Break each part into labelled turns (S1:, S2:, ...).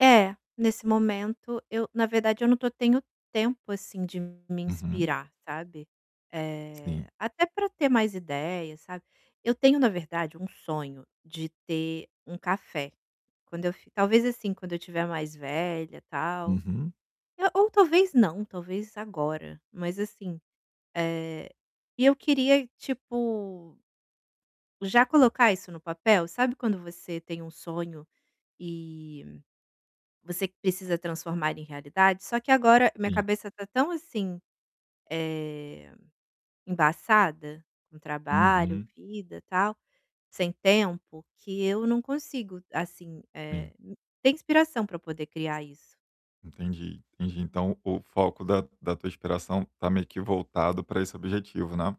S1: É, nesse momento eu na verdade eu não tô tenho tempo assim, de me
S2: Uhum.
S1: inspirar, sabe. Eh,
S2: Sim.
S1: até pra ter mais ideia, sabe. Eu tenho na verdade um sonho de ter um café, quando eu fi talvez assim, quando eu estiver mais velha, tal,
S2: Uhum.
S1: e ou talvez não, talvez agora, mas assim, eh, e eu queria tipo já colocar isso no papel, sabe quando você tem um sonho e você precisa transformar em realidade? Só que agora minha
S2: Sim.
S1: cabeça tá tão assim, eh, embaçada, com trabalho,
S2: Uhum.
S1: vida, tal, sem tempo, que eu não consigo, assim, eh,
S2: Sim.
S1: ter inspiração pra poder criar isso.
S2: Entendi, entendi. Então, o foco da da tua inspiração tá meio que voltado pra esse objetivo, né.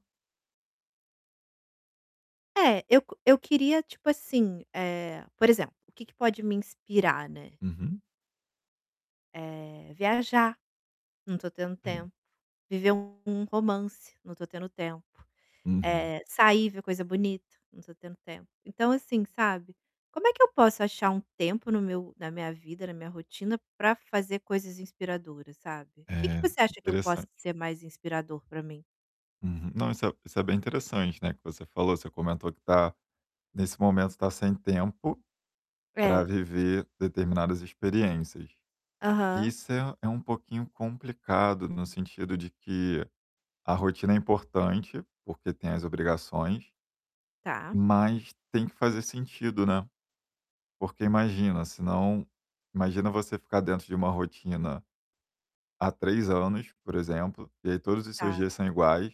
S1: É, eu eu queria tipo assim, eh, por exemplo, o que que pode me inspirar, né.
S2: Uhum.
S1: Eh, viajar, não tô tendo
S2: Vim.
S1: tempo. Viver um um romance, não tô tendo tempo,
S2: Uhum.
S1: eh, sair, ver coisa bonita, não tô tendo tempo, então assim, sabe, como é que eu posso achar um tempo no meu na minha vida, na minha rotina pra fazer coisas inspiradoras, sabe? Que que
S2: É,
S1: você acha que eu posso
S2: interessante.
S1: ser mais inspirador pra mim?
S2: Uhum Não, isso é isso é bem interessante, né. Que você falou, você comentou que tá nesse momento tá sem tempo, pra
S1: É.
S2: viver determinadas experiências. E
S1: Aham.
S2: isso é é um pouquinho complicado no sentido de que a rotina é importante, porque tem as obrigações
S1: Tá.
S2: mas tem que fazer sentido, né. Porque imagina, senão imagina você ficar dentro de uma rotina, há 3 anos, por exemplo, e aí todos os seus
S1: Tá.
S2: dias são iguais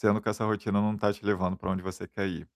S2: sendo que essa rotina não tá te levando pra onde você quer ir.